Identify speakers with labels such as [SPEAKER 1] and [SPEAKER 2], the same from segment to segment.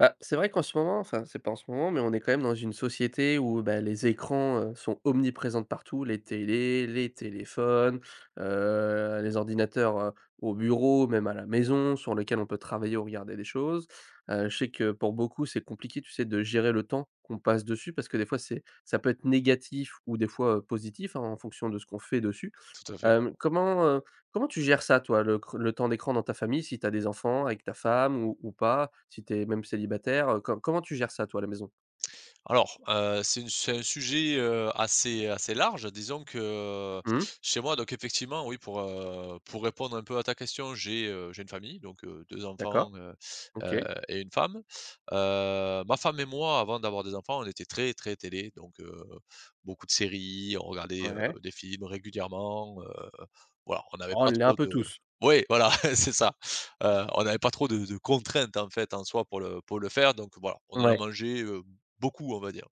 [SPEAKER 1] Bah, c'est vrai qu'en ce moment enfin, c'est pas en ce moment, mais on est quand même dans une société où bah, les écrans, heu, sont omniprésents de partout: Les télés, les téléphones, heu, les ordinateurs, heu, au bureau, même à la maison, sur lequel on peut travailler ou regarder des choses. Heu, je sais que pour beaucoup c'est compliqué, tu sais, de gérer le temps qu'on passe dessus parce que des fois c'est, ça peut être négatif ou des fois, heu, positif hein en fonction de ce qu'on fait dessus.
[SPEAKER 2] Tout à fait.
[SPEAKER 1] Hem, comment, heu, comment tu gères ça toi le cr le temps d'écran dans ta famille, si tu as des enfants avec ta femme ou ou pas. Si tu es même célibataire, heu, co comment tu gères ça toi à la maison?
[SPEAKER 2] Alors, heu, c'est une c'est un sujet, heu, assez assez large. Disons que
[SPEAKER 1] Mmh.
[SPEAKER 2] chez moi donc effectivement oui pour, heu, pour répondre un peu à ta question j'ai, heu, j'ai une famille. Donc, heu, 2
[SPEAKER 1] D'accord.
[SPEAKER 2] enfants, heu heu,
[SPEAKER 1] OK.
[SPEAKER 2] et une femme. Heu, ma femme et moi avant d'avoir des enfants on était très, très télé donc, heu, beaucoup de séries, on regardait, heu,
[SPEAKER 1] Ouais.
[SPEAKER 2] des films régulièrement, heu, voilà on n'avait
[SPEAKER 1] Oh on
[SPEAKER 2] pas
[SPEAKER 1] l'est un
[SPEAKER 2] trop
[SPEAKER 1] peu
[SPEAKER 2] de
[SPEAKER 1] tous.
[SPEAKER 2] Ouais voilà c'est ça! Heu, on avait pas trop de de contraintes en fait en soi pour le pour le faire donc voilà. On en a
[SPEAKER 1] Ouais.
[SPEAKER 2] mangé, heu, beaucoup on va dire.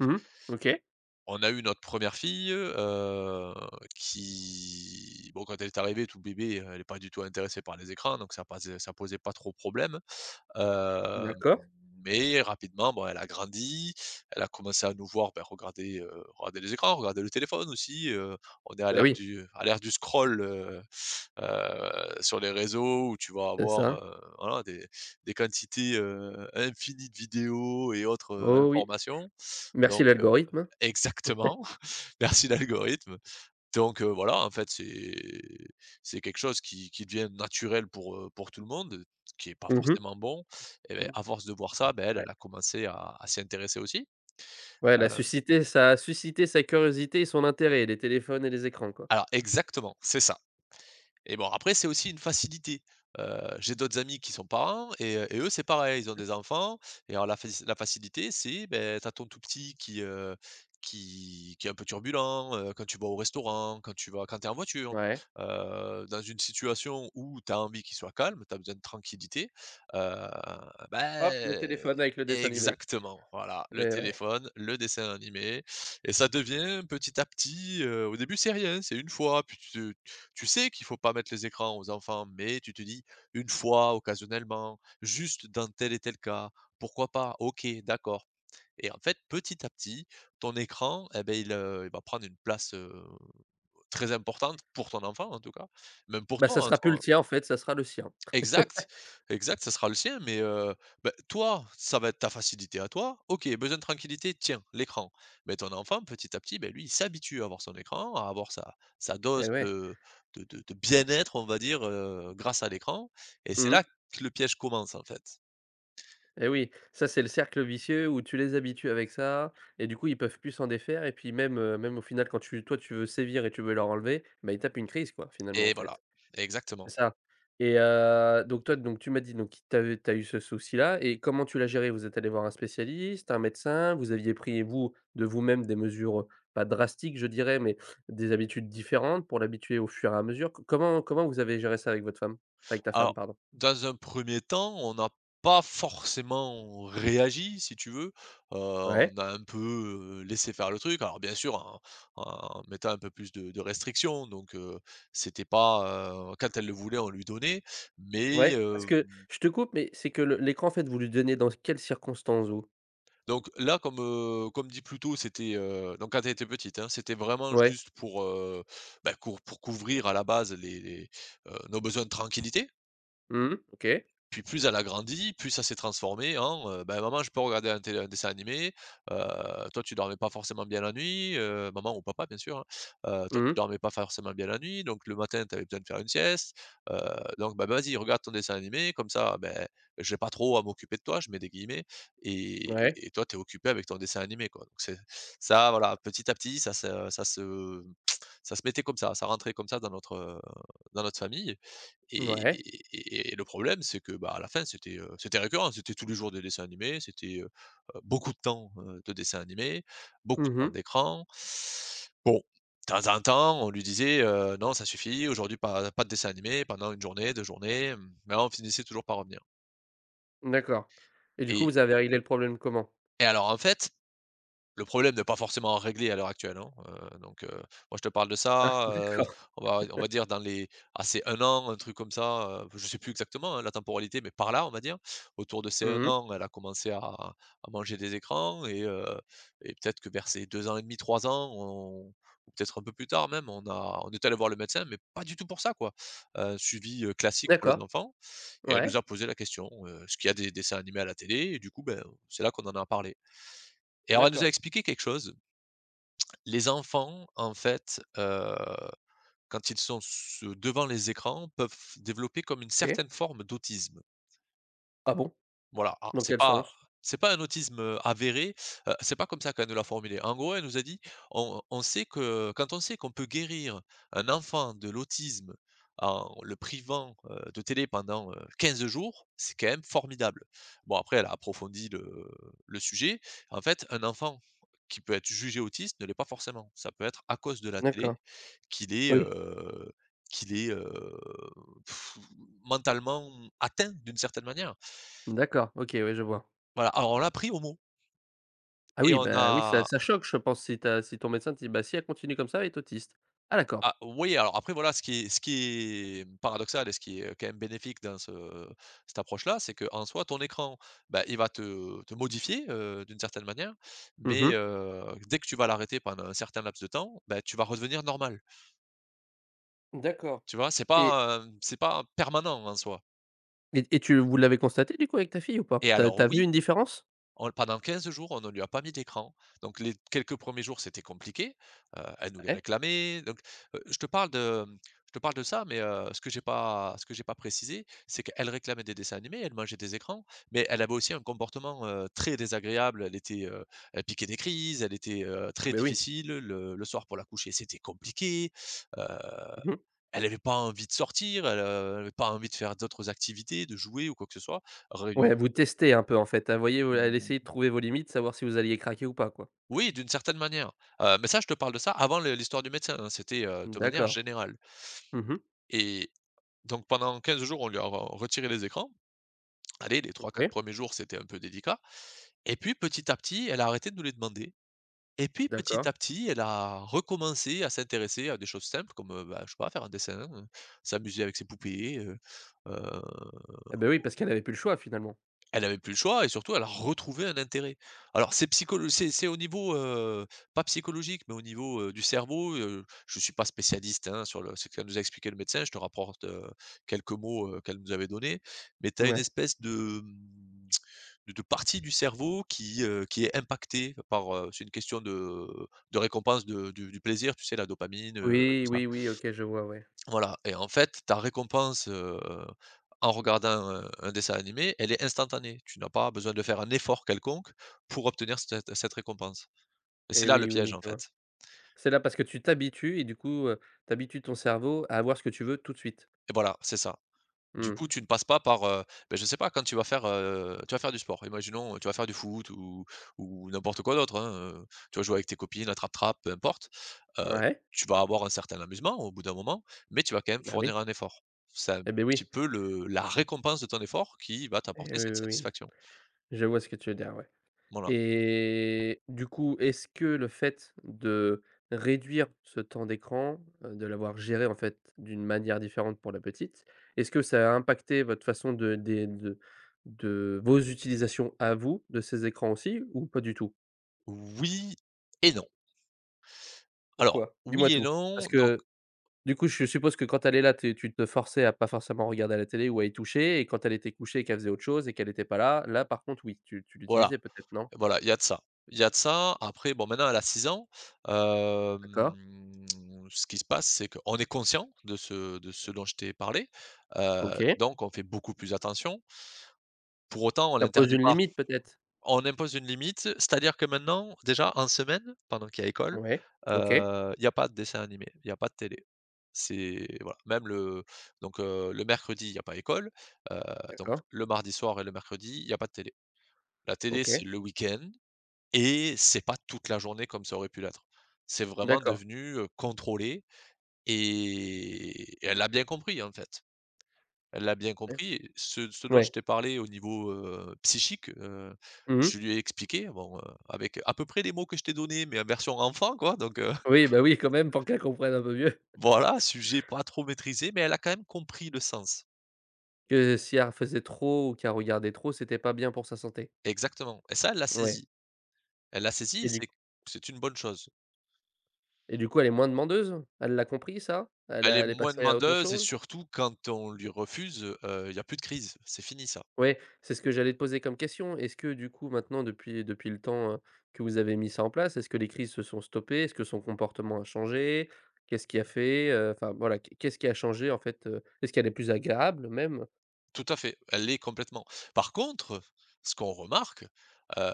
[SPEAKER 1] Mmh mh, OK.
[SPEAKER 2] On a eu notre première fille, heu, qui bon quand elle est arrivée toute bébé, heu, elle est pas du tout intéressée par les écrans donc ça posait, ça posait pas trop problème. Heu,
[SPEAKER 1] D'accord.
[SPEAKER 2] mais rapidement bon elle a grandi, elle a commencé à nous voir, ben, regarder, heu, regarder les écrans, regarder le téléphone aussi. Heu, on est à
[SPEAKER 1] Bah
[SPEAKER 2] l'ère
[SPEAKER 1] oui.
[SPEAKER 2] du à l'ère du scroll, heu heu, sur les réseaux où tu vas
[SPEAKER 1] C'est
[SPEAKER 2] avoir,
[SPEAKER 1] ça.
[SPEAKER 2] heu, voilà des des quantités, heu, infinies de vidéos et autres, heu,
[SPEAKER 1] Oh oui!
[SPEAKER 2] informations,
[SPEAKER 1] Merci
[SPEAKER 2] donc, heu.
[SPEAKER 1] l'algorithme.
[SPEAKER 2] Exactement, merci l'algorithme. Donc, heu, voilà en fait c'est c'est quelque chose qui qui devient naturel pour, heu, pour tout le monde, ce qui est pas
[SPEAKER 1] Mmh mh.
[SPEAKER 2] forcément bon. Et beh,
[SPEAKER 1] Mmh.
[SPEAKER 2] à force de voir ça, ben elle,
[SPEAKER 1] Ouais.
[SPEAKER 2] elle a commencé à à s'y intéresser aussi.
[SPEAKER 1] Ouais elle a
[SPEAKER 2] Heu.
[SPEAKER 1] suscité, ça a suscité sa curiosité et son intérêt les téléphones et les écrans quoi.
[SPEAKER 2] Alors exactement c'est ça! Et bon après c'est aussi une facilité. Heu, j'ai d'autres amis qui sont parents et heu, et eux c'est pareil ils ont
[SPEAKER 1] [unintelligible]
[SPEAKER 2] des enfants et alors la faci la facilité c'est beh, tu as ton tout petit qui, heu qui qui est un peu turbulent, heu, quand tu vas au restaurant, quand tu vas quand tu es en voiture.
[SPEAKER 1] Ouais.
[SPEAKER 2] Heu, dans une situation où tu as envie qu'il soit calme, tu as besoin de tranquillité, heu, bah,
[SPEAKER 1] Hop le
[SPEAKER 2] heu.
[SPEAKER 1] téléphone avec le dessin animé.
[SPEAKER 2] Exactement voilà! Le
[SPEAKER 1] Et ouais.
[SPEAKER 2] téléphone, le dessin animé et ça devient petit à petit, heu, au début c'est rien hein, c'est une fois puis tu te tu sais qu'il faut pas mettre les écrans aux enfants mais tu te dis: «Une fois, occasionnellement, juste dans tel et tel cas, pourquoi pas? OK, d'accord.». Et en fait petit à petit ton écran et ben il, heu, il va prendre une place, heu, très importante pour ton enfant en tout cas même pour
[SPEAKER 1] Bah ça
[SPEAKER 2] toi en
[SPEAKER 1] sera plus
[SPEAKER 2] soi
[SPEAKER 1] le
[SPEAKER 2] hein.
[SPEAKER 1] tien en fait ça sera le sien.
[SPEAKER 2] Exact! Exact ce sera le sien mais, heu, bah toi ça va être ta facilité à toi. OK, besoin de tranquillité? Tiens, l'écran. Mais ton enfant petit à petit bah, lui il s'habitue à avoir son écran à avoir sa sa
[SPEAKER 1] Et
[SPEAKER 2] dose
[SPEAKER 1] ouais
[SPEAKER 2] de de de de bien-être on va dire, heu, grâce à l'écran et c'est
[SPEAKER 1] Mmh.
[SPEAKER 2] là que le piège commence en fait.
[SPEAKER 1] Et oui! Ça c'est le cercle vicieux où tu les habitues avec ça et du coup ils peuvent plus s'en défaire et puis même, heu, même au final quand tu toi tu veux sévir et tu veux leur enlever, bah ils tapent une crise quoi! Finalement en
[SPEAKER 2] Et voilà
[SPEAKER 1] fait.
[SPEAKER 2] exactement.
[SPEAKER 1] C'est ça. Et heu, donc toi donc tu m'as dit donc, t tu as, heu, tu as eu ce souci-là et comment tu l'as géré? Vous êtes allé voir un spécialiste, un médecin, vous aviez pris vous, de vous-même, des mesures, heu, pas drastiques je dirais mais, des habitudes différentes pour l'habituer au fur et à mesure. C comment, comment vous avez géré ça avec votre femme? Avec ta femme
[SPEAKER 2] Alors
[SPEAKER 1] pardon.
[SPEAKER 2] dans un premier temps on a pas forcément réagi si tu veux. Heu,
[SPEAKER 1] Ouais.
[SPEAKER 2] on a un peu, heu, laissé faire le truc. Alors bien sûr en en mettant un peu plus de de restrictions donc, heu, c'était pas, heu «Quand elle le voulait on lui donnait.» mais
[SPEAKER 1] Ouais parce
[SPEAKER 2] hem
[SPEAKER 1] que, je te coupe mais c'est que le l'écran en fait vous lui donniez dans quelles circonstances vous?
[SPEAKER 2] Donc là comme, heu, comme dit plus tôt c'était, heu, donc quand elle était petite hein. C'était vraiment
[SPEAKER 1] Ouais.
[SPEAKER 2] juste pour, heu, bah cour pour couvrir à la base les les, heu, nos besoins de tranquillité.
[SPEAKER 1] Mmh mh, OK.
[SPEAKER 2] Puis plus elle a grandi plus ça s'est transformé en, heu: «Bah maman je peux regarder à la télé un dessin animé?». Heu, toi tu dormais pas forcément bien la nuit, heu, maman ou papa bien sûr hein, heu, toi
[SPEAKER 1] Mmh
[SPEAKER 2] tu
[SPEAKER 1] mh.
[SPEAKER 2] dormais pas forcément bien la nuit donc le matin tu avais besoin de faire une sieste. Heu, donc bah: «Vas-y regarde ton dessin animé comme ça, bah, j'ai pas trop à m'occuper de toi, je mets des guillemets
[SPEAKER 1] Ouais.
[SPEAKER 2] et, et toi tu es occupée avec ton dessin animé quoi.» C'est, ça voilà petit à petit ça se ça se ça se mettait comme ça, ça rentrait comme ça dans notre, heu, dans notre famille.
[SPEAKER 1] Ouais.
[SPEAKER 2] Et le problème c'est que, bah, à la fin c'était, heu, c'était récurrent. C'était tous les jours des dessins animés c'était, heu heu, beaucoup de temps heu, de dessins animés, beaucoup de
[SPEAKER 1] Mmh
[SPEAKER 2] temps
[SPEAKER 1] mh.
[SPEAKER 2] d'écrans. Bon. Temps en temps on lui disait, heu, non ça suffit aujourd'hui pas pas de dessins animés pendant 1 journée, 2 journées, mais on finissait toujours par revenir.
[SPEAKER 1] D'accord, et du coup
[SPEAKER 2] Et
[SPEAKER 1] vous avez réglé le problème comment?
[SPEAKER 2] et alors en fait le problème n'est pas forcément réglé à l'heure actuelle hein, heu donc heu. Moi je te parle de
[SPEAKER 1] Ah,
[SPEAKER 2] ça heu,
[SPEAKER 1] d'accord.
[SPEAKER 2] on va on va dire dans les, ah c'est 1 an, un truc comme ça heu, b je sais plus exactement la temporalité, mais par là, on va dire. Autour de
[SPEAKER 1] Mmh
[SPEAKER 2] ses 1
[SPEAKER 1] mh.
[SPEAKER 2] an, elle a commencé à à manger des écrans et, heu, et peut-être que vers ses 2 ans et demi-3 ans, on ou peut peut-être un peu plus tard même on a on est allés voir le médecin, mais pas du tout pour ça, quoi! Heu, suivi, heu, classique pour les
[SPEAKER 1] D'accord.
[SPEAKER 2] enfants et elle nous
[SPEAKER 1] Ouais.
[SPEAKER 2] a posé la question, heu. Est-ce qu'il y a des dessins animés à la télé? Et du coup ben, c'est là qu'on en a parlé. Et alors elle nous a
[SPEAKER 1] D'accord.
[SPEAKER 2] expliqué quelque chose. Les enfants, en fait, heu, quand ils sont s devant les écrans peuvent développer comme une
[SPEAKER 1] OK.
[SPEAKER 2] certaine forme d'autisme.
[SPEAKER 1] Ah bon?
[SPEAKER 2] Voilà, alors
[SPEAKER 1] Dans
[SPEAKER 2] c'est
[SPEAKER 1] quel
[SPEAKER 2] pas
[SPEAKER 1] sens?
[SPEAKER 2] c'est pas un autisme, heu, avéré, heu c'est pas comme ça qu'elle nous l'a formulé. En gros elle nous a dit: «On on sait que quand on sait qu'on peut guérir un enfant de l'autisme en le privant heu, de télé pendant heu 15 jours, c'est quand même formidable.». Bon après, elle a approfondi le le sujet, en fait un enfant qui peut être jugé autiste ne l'est pas forcément, ça peut être à cause de la
[SPEAKER 1] D'accord,
[SPEAKER 2] télé qu'il est
[SPEAKER 1] oui.
[SPEAKER 2] heu, qu'il est heu mentalement atteint, d'une certaine manière.
[SPEAKER 1] D'accord, OK. Ouais, je vois.
[SPEAKER 2] Voilà, alors on l'a pris au mot.
[SPEAKER 1] Ah
[SPEAKER 2] Et
[SPEAKER 1] oui,
[SPEAKER 2] on
[SPEAKER 1] ben oui. Ça,
[SPEAKER 2] a
[SPEAKER 1] ça choque je pense si ta si ton médecin te dit: «Bah, si elle continue comme ça elle est autiste». Ah d'accord.
[SPEAKER 2] Ah, oui. Alors après voilà ce qui est ce qui est paradoxal et ce qui est quand même bénéfique dans ce cette approche là. C'est qu'en soit ton écran, bah, il va te te modifier, heu, d'une certaine manière.
[SPEAKER 1] Mmh
[SPEAKER 2] Mais,
[SPEAKER 1] mh.
[SPEAKER 2] heu, dès que tu vas l'arrêter pendant un certain laps de temps, bah, tu vas redevenir normal.
[SPEAKER 1] D'accord
[SPEAKER 2] Tu vois, c'est
[SPEAKER 1] et
[SPEAKER 2] pas, heu, c'est pas permanent en soi.
[SPEAKER 1] Et et tu vous l'avez constaté du coup avec ta fille ou pas?
[SPEAKER 2] Et
[SPEAKER 1] Tu as
[SPEAKER 2] alors
[SPEAKER 1] tu as vu
[SPEAKER 2] oui,
[SPEAKER 1] une différence?
[SPEAKER 2] on l pendant 15 jours on ne lui a pas mis d'écran. Donc les quelques 1ers jours c'était compliqué, heu, elle nous les
[SPEAKER 1] Ouais.
[SPEAKER 2] réclamait, donc. Heu, je te parle de, mmh, je te parle de ça, mais, heu, ce que j'ai pas ce que j'ai pas précisé, c'est qu'elle réclamait des dessins animés, elle mangeait des écrans, mais elle avait aussi un comportement, heu, très désagréable, elle était, heu, elle piquait des crises, elle était, heu,
[SPEAKER 1] Ah,
[SPEAKER 2] très
[SPEAKER 1] beh oui.
[SPEAKER 2] difficile, le le soir pour la coucher c'était compliqué, heu,
[SPEAKER 1] Mmh mh.
[SPEAKER 2] elle avait pas envie de sortir. Elle, heu, elle avait pas envie de faire d'autres activités, de jouer ou quoi que ce soit..
[SPEAKER 1] Ouais.
[SPEAKER 2] [unintelligible]
[SPEAKER 1] Elle vous testait un peu, en fait. Elle voyait elle a
[SPEAKER 2] Mmh,
[SPEAKER 1] essayé de
[SPEAKER 2] ouais.
[SPEAKER 1] trouver vos limites savoir si vous alliez craquer ou pas quoi?
[SPEAKER 2] Oui, d'une certaine manière. Heu, mais ça je te parle de ça avant le l'histoire du médecin. Non, c'était, heu,
[SPEAKER 1] Mmh.
[SPEAKER 2] de manière
[SPEAKER 1] D'accord,
[SPEAKER 2] générale.
[SPEAKER 1] mmh mh.
[SPEAKER 2] Et donc pendant 15 jours on lui a re retiré les écrans. Allez les 3-4
[SPEAKER 1] OK.
[SPEAKER 2] 1ers jours c'était un peu délicat et puis petit à petit elle a arrêté de nous les demander. Et puis petit
[SPEAKER 1] D'accord.
[SPEAKER 2] à petit, elle a recommencé à s'intéresser à des choses simples. Comme, heu, bah, je sais pas faire un dessin, heu, s'amuser avec ses poupées, heu, heu.
[SPEAKER 1] Eh, beh oui. Parce qu'elle avait plus le choix finalement.
[SPEAKER 2] Elle avait plus le choix et surtout elle retrouvait un intérêt. Alors c'est psycholo c'est c'est au niveau, heu, pas psychologique, mais au niveau, heu, du cerveau, heu, je suis pas spécialiste, hein, sur le ce qu'elle nous a expliqué le médecin. Je te rapporte, heu, quelques mots, heu, qu'elle nous avait donnés. Mais tu as une
[SPEAKER 1] Ouais.
[SPEAKER 2] espèce de, mmh, de de partie du cerveau qui, heu, qui est impactée par, heu c'est une question de de récompense de du du plaisir tu sais la dopamine, heu, tout
[SPEAKER 1] Oui,
[SPEAKER 2] ça
[SPEAKER 1] oui, oui. OK, je vois. Ouais.
[SPEAKER 2] Voilà et en fait ta récompense, heu, en regardant un un dessin animé elle est instantanée. Tu n'as pas besoin de faire un effort quelconque pour obtenir cet cette récompense et c'est
[SPEAKER 1] Et
[SPEAKER 2] là le
[SPEAKER 1] oui, oui,
[SPEAKER 2] piège
[SPEAKER 1] oui.
[SPEAKER 2] en
[SPEAKER 1] Je vois.
[SPEAKER 2] fait.
[SPEAKER 1] C'est là parce que tu t'habitues et du coup, heu, tu habitues ton cerveau à avoir ce que tu veux tout de suite.
[SPEAKER 2] Et voilà c'est ça. Du
[SPEAKER 1] Mmh.
[SPEAKER 2] coup tu ne passes pas par, heu, beh, je sais pas quand tu vas faire, heu, tu vas faire du sport. Imaginons, heu, tu vas faire du foot ou ou n'importe quoi d'autre, hein, heu. Tu vas jouer avec tes copines à trappe-trappe peu importe. Heu,
[SPEAKER 1] Ouais.
[SPEAKER 2] tu vas avoir un certain amusement au bout d'un moment, mais tu vas quand même
[SPEAKER 1] Bah oui.
[SPEAKER 2] fournir un effort. C'est un
[SPEAKER 1] Et beh,
[SPEAKER 2] petit
[SPEAKER 1] oui.
[SPEAKER 2] peu le la récompense de ton effort qui va
[SPEAKER 1] Eh,
[SPEAKER 2] t'apporter
[SPEAKER 1] oui,
[SPEAKER 2] cette
[SPEAKER 1] oui, oui.
[SPEAKER 2] satisfaction.
[SPEAKER 1] Je vois ce que tu veux dire, ouais.
[SPEAKER 2] Voilà.
[SPEAKER 1] Et, du coup est-ce que le fait de réduire ce temps d'écran, heu, de l'avoir géré en fait d'une manière différente pour la petite? Est-ce que ça a impacté votre façon de des de de vos utilisations à vous de ces écrans aussi ou pas du tout?
[SPEAKER 2] Oui et non. Alors
[SPEAKER 1] Pourquoi? Dis-moi
[SPEAKER 2] oui et
[SPEAKER 1] tout.
[SPEAKER 2] non
[SPEAKER 1] Parce
[SPEAKER 2] donc
[SPEAKER 1] que du coup je suppose que quand elle est là t tu te forçais à pas forcément regarder la télé ou à y toucher. Et quand elle était couchée qu'elle faisait autre chose et qu'elle était pas là, là par contre oui. Tu tu
[SPEAKER 2] Voilà,
[SPEAKER 1] l'utilisais peut-être, non?
[SPEAKER 2] voilà. Il y a de ça, il y a de ça après bon maintenant elle a 6 ans. Hem,
[SPEAKER 1] D'accord.
[SPEAKER 2] ce qui se passe c'est qu'on est conscient de ce de ce dont je t'ai parlé, heu,
[SPEAKER 1] OK.
[SPEAKER 2] donc on fait beaucoup plus attention pour autant on
[SPEAKER 1] Ça pose
[SPEAKER 2] l'interdit
[SPEAKER 1] une
[SPEAKER 2] pas.
[SPEAKER 1] limite, peut-être?
[SPEAKER 2] On impose une limite, c'est-à-dire que maintenant déjà en semaine pendant qu'il y a école,
[SPEAKER 1] Mouais OK.
[SPEAKER 2] heu, il y a pas de dessin animé, il a pas de télé. C'est, voilà même le, donc, heu, le mercredi il y a pas école, heu, donc
[SPEAKER 1] D'accord.
[SPEAKER 2] le mardi soir et le mercredi il y a pas de télé. La télé,
[SPEAKER 1] OK.
[SPEAKER 2] c'est le week-end. Et c'est pas toute la journée comme ça aurait pu l'être. C'est vraiment
[SPEAKER 1] D'accord.
[SPEAKER 2] devenu, heu, contrôlé et, et elle l'a bien compris en fait. Elle l'a bien
[SPEAKER 1] [unintelligible]
[SPEAKER 2] compris. Ce ce dont je
[SPEAKER 1] Ouais.
[SPEAKER 2] t'ai parlé au niveau, heu, psychique, heu.
[SPEAKER 1] Mmh
[SPEAKER 2] Je
[SPEAKER 1] mh.
[SPEAKER 2] lui ai expliqué bon, heu, avec, à peu près les mots que je t'ai donné mais version enfant quoi donc, heu
[SPEAKER 1] Oui, bah oui. Quand même, pour qu'elle comprenne un peu mieux.
[SPEAKER 2] Voilà, sujet pas trop maîtrisé mais elle a quand même compris le sens.
[SPEAKER 1] Que si elle refaisait trop, ou qu'elle regardait trop c'était pas bien pour sa santé?
[SPEAKER 2] Exactement, et ça, elle l'a
[SPEAKER 1] Ouais.
[SPEAKER 2] saisi. Elle l'a saisi et
[SPEAKER 1] Et du
[SPEAKER 2] c'est
[SPEAKER 1] c
[SPEAKER 2] q c'est une bonne chose.
[SPEAKER 1] et du coup, elle est moins demandeuse? Elle l'a compris ça? Elle
[SPEAKER 2] Elle est
[SPEAKER 1] a elle est
[SPEAKER 2] moins
[SPEAKER 1] passée à autre
[SPEAKER 2] demandeuse et
[SPEAKER 1] chose?
[SPEAKER 2] surtout, quand on lui refuse, heu, il y a plus de crise. C'est fini ça.
[SPEAKER 1] Ouais, c'est ce que j'allais te poser comme question. Est-ce que, du coup, maintenant depuis depuis le temps, hein, que vous avez mis ça en place, est-ce que les crises se sont stoppées? Est-ce que son comportement a changé? Qu'est-ce qui a fait, heu, enfin voilà. Qu qu'est-ce qui a changé en fait, heu? Est-ce qu'elle est plus agréable, même?
[SPEAKER 2] Tout à fait, elle l'est complètement. Par contre, ce qu'on remarque, heu,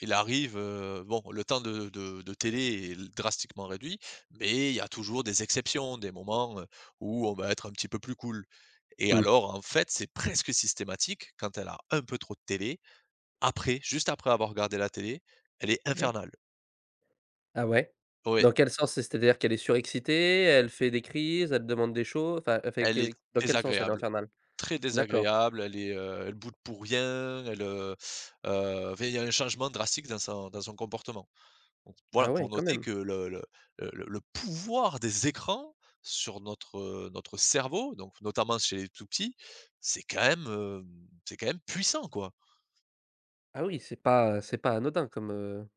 [SPEAKER 2] il arrive, heu, bon le temps de de de télé est l drastiquement réduit, mais il y a toujours des exceptions, des moments, heu, où on va être un petit peu plus cools. Et
[SPEAKER 1] Mmh.
[SPEAKER 2] alors en fait, c'est presque systématique: quand elle a un peu trop de télé, après, juste après avoir regardé la télé, elle est
[SPEAKER 1] Ouais.
[SPEAKER 2] infernale!
[SPEAKER 1] Ah ouais?
[SPEAKER 2] Ouais!
[SPEAKER 1] Dans quel sens? Et c'est-à-dire qu'elle est surexcitée? Elle fait des crises, elle te demande des choses, enfin elle fait
[SPEAKER 2] Elle est
[SPEAKER 1] quel dans quel sens elle est
[SPEAKER 2] désagréable,
[SPEAKER 1] infernale?
[SPEAKER 2] très
[SPEAKER 1] D'accord.
[SPEAKER 2] désagréable, elle est, heu, elle boude pour rien, elle, heu heu, enfin, il y a un changement drastique dans son dans son comportement. Bon, voilà,
[SPEAKER 1] Ah
[SPEAKER 2] pour
[SPEAKER 1] ouais, quand
[SPEAKER 2] noter
[SPEAKER 1] même.
[SPEAKER 2] que le le le le le pouvoir des écrans sur notre, heu, notre cerveau, donc notamment chez les tout petits, c'est quand même, heu, c'est quand même puissant, quoi!
[SPEAKER 1] Ah oui? C'est pas c'est pas anodin comme, heu,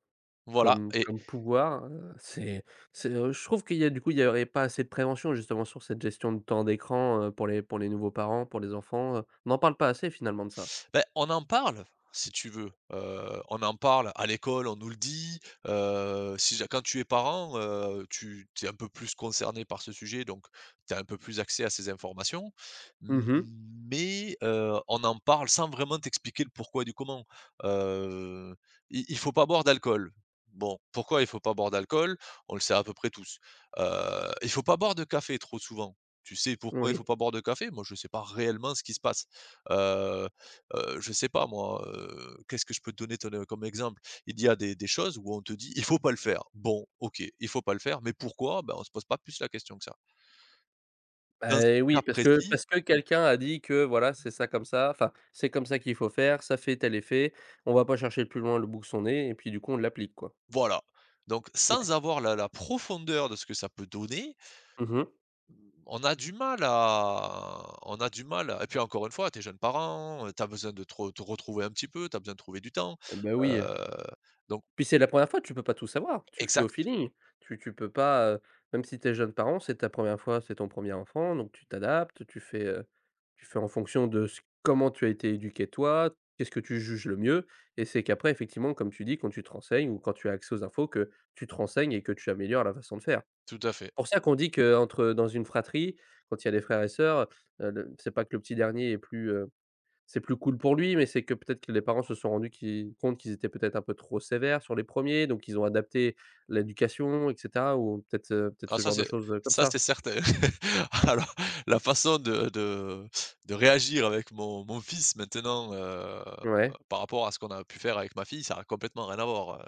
[SPEAKER 2] Voilà
[SPEAKER 1] comme
[SPEAKER 2] et
[SPEAKER 1] comme pouvoir. Heu, c'est c'est je trouve qu'il y a du coup il y aurait pas assez de prévention justement sur cette gestion de temps d'écran, heu, pour les pour les nouveaux parents. Pour les enfants, heu, on parle pas assez finalement de ça.
[SPEAKER 2] Beh, on en parle, si tu veux. Heu, on en parle à l'école, on nous le dit, heu, si ja quand tu es parent, heu, tu tu es un peu plus concerné par ce sujet, donc tu as un peu plus accès à ces informations, m
[SPEAKER 1] Mmh
[SPEAKER 2] m
[SPEAKER 1] mh.
[SPEAKER 2] mais, heu, on en parle sans vraiment t'expliquer le pourquoi du comment. Heu, i il faut pas boire d'alcool. Bon. Pourquoi il faut pas boire d'alcool? On le sait à peu près tous. Heu, il faut pas boire de café trop souvent. Tu sais pourquoi il faut
[SPEAKER 1] Oui.
[SPEAKER 2] pas boire de café? Moi je sais pas réellement ce qui se passe. Heu heu, je sais pas moi, heu, qu'est-ce que je peux te donner te ne comme exemple? Il y a des des choses où on te dit: «Il faut pas le faire». Bon OK. Il faut pas le faire. Mais pourquoi? Ben, on se pose pas plus la question que ça.
[SPEAKER 1] Bah,
[SPEAKER 2] Dans ce
[SPEAKER 1] et oui
[SPEAKER 2] cas
[SPEAKER 1] parce que
[SPEAKER 2] précis.
[SPEAKER 1] parce que quelqu'un a dit que, voilà, c'est ça comme ça, enfin, c'est comme ça qu'il faut faire, ça fait tel effet. On va pas chercher plus loin le bout que son nez et puis du coup on l'applique quoi.
[SPEAKER 2] Voilà. Donc,
[SPEAKER 1] Mouais.
[SPEAKER 2] sans avoir la la profondeur de ce que ça peut donner
[SPEAKER 1] Mmh mh.
[SPEAKER 2] on a du mal à on a du mal à et puis encore une fois, tu es jeune parent, heu, tu as besoin de te re te retrouver un petit peu, tu as besoin de trouver du temps,
[SPEAKER 1] Eh bah, oui, heu.
[SPEAKER 2] heu, donc
[SPEAKER 1] Puis c'est la 1re fois. Tu peux pas tout savoir. Tu fais au
[SPEAKER 2] Exact.
[SPEAKER 1] feeling. Tu tu peux pas, heu, même si tu es jeune parent c'est ta 1re fois, c'est ton 1er enfant, donc, tu t'adaptes. Tu fais, heu, tu fais en fonction de ce comment tu as été éduqué, toi. Qu'est-ce que tu juges le mieux et c'est qu'après effectivement comme tu dis quand tu te renseignes ou quand tu as accès aux infos que tu te renseignes et que tu améliores la façon de faire.
[SPEAKER 2] Tout à fait.
[SPEAKER 1] Pour ça qu'on dit que, heu, entre heu, dans une fratrie quand il y a des frères et sœurs, heu, le, c'est pas que le petit dernier est plus, heu, c'est plus cool pour lui, mais c'est que peut-être que les parents se sont rendus qui compte qu'ils étaient peut-être un peu trop sévères sur les 1ers. Donc ils ont adapté l'éducation, et cetera, ou peut-être, heu, peut-être
[SPEAKER 2] Ah
[SPEAKER 1] ce
[SPEAKER 2] ça,
[SPEAKER 1] genre de
[SPEAKER 2] c'est
[SPEAKER 1] choses, heu, comme
[SPEAKER 2] ça,
[SPEAKER 1] ça.
[SPEAKER 2] c'est certain. Alors, la façon de de de réagir avec mon mon fils maintenant, heu,
[SPEAKER 1] Ouais.
[SPEAKER 2] par rapport à ce qu'on a pu faire avec ma fille ça a complètement rien à voir,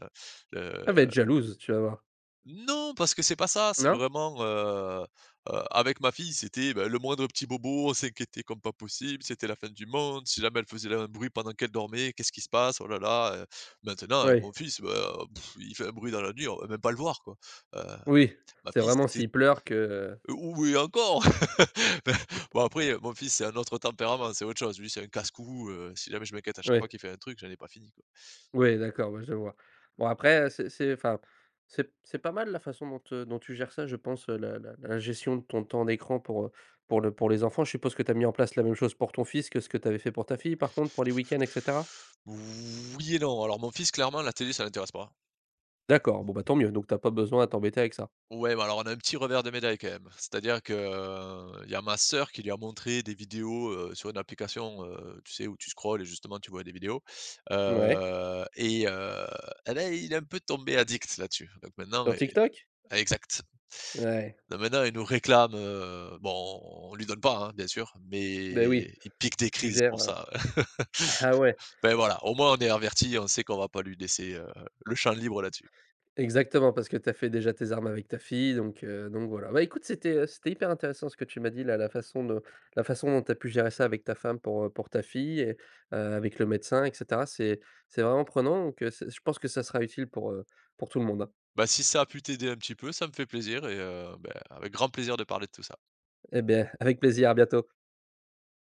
[SPEAKER 2] heu heu
[SPEAKER 1] Elle va être jalouse! Tu vas voir.
[SPEAKER 2] Non! Parce que c'est pas ça, c'est
[SPEAKER 1] Non?
[SPEAKER 2] vraiment, heu heu, avec ma fille c'était, bah le moindre petit bobo, on s'inquiétait comme pas possible, c'était la fin du monde, si jamais elle faisait l un bruit pendant qu'elle dormait, qu'est-ce qui se passe? Oh là là! Heu, maintenant avec
[SPEAKER 1] Ouais.
[SPEAKER 2] mon fils, bah, oh, il fait un bruit dans la nuit, on va même pas le voir, quoi. Heu,
[SPEAKER 1] Oui,
[SPEAKER 2] ma
[SPEAKER 1] c'est
[SPEAKER 2] fille
[SPEAKER 1] vraiment
[SPEAKER 2] c'était
[SPEAKER 1] s'il pleure que
[SPEAKER 2] Ou et encore, bah,
[SPEAKER 1] Mmh.
[SPEAKER 2] bon après, heu, mon fils c'est un autre tempérament, c'est autre chose, lui c'est un casse-cou, heu, si jamais je m'inquiète à chaque fois
[SPEAKER 1] Ouais.
[SPEAKER 2] qu'il fait un truc j'en ai pas fini, quoi.
[SPEAKER 1] Ouais, d'accord, ouais, je vois. Bon après, heu, c'est c'est, enfin c'est p c'est pas mal la façon dont, heu, dont tu gères ça, je pense, heu, la la la gestion de ton temps d'écran pour, heu, pour le pour les enfants. Je suppose que tu as mis en place la même chose pour ton fils, que ce que tu avais fait pour ta fille, par contre, pour les week-ends, et cetera?
[SPEAKER 2] Oui et non. Alors mon fils, clairement la télé ça l'intéresse pas.
[SPEAKER 1] D'accord, bon, bah, tant mieux. Donc tu as pas besoin à t'embêter avec ça.
[SPEAKER 2] Ouais, mais alors on a un petit revers de médaille quand même. C'est-à-dire que, heu, il y a ma sœur qui lui a montré des vidéos, heu, sur une application, heu, tu sais où tu scrolles et justement tu vois des vidéos,
[SPEAKER 1] Ouais.
[SPEAKER 2] heu, et, heu, et là il est un peu tombé addict là-dessus. Donc maintenant
[SPEAKER 1] Sur
[SPEAKER 2] e
[SPEAKER 1] TikTok?
[SPEAKER 2] ah, exact.
[SPEAKER 1] Ouais.
[SPEAKER 2] Donc maintenant il nous réclame, heu, bon on lui donne pas, hein, bien sûr,
[SPEAKER 1] Beh
[SPEAKER 2] mais
[SPEAKER 1] oui,
[SPEAKER 2] il pique des
[SPEAKER 1] tu
[SPEAKER 2] crises
[SPEAKER 1] gères,
[SPEAKER 2] pour
[SPEAKER 1] heu
[SPEAKER 2] ça.
[SPEAKER 1] Ah ouais!
[SPEAKER 2] Bah, voilà, au moins on est avertis, on sait qu'on va pas lui laisser, heu heu, le champ libre là-dessus.
[SPEAKER 1] Exactement, parce que tu as fait déjà tes armes avec ta fille donc, heu, donc voilà. Bah, écoute c'était, heu, c'était hyper intéressant ce que tu m'as dit là la façon dont la façon dont tu as pu gérer ça avec ta femme pour, heu, pour ta fille et, heu, avec le médecin, et cetera. C'est c'est vraiment prenant donc, heu, c'est je pense que ça sera utile pour, heu, pour tout le monde.
[SPEAKER 2] Bah, si ça a pu t'aider, un petit peu, ça me fait plaisir. Et, heu, bah, avec grand plaisir de parler de tout ça!
[SPEAKER 1] Eh beh, avec plaisir, à bientôt.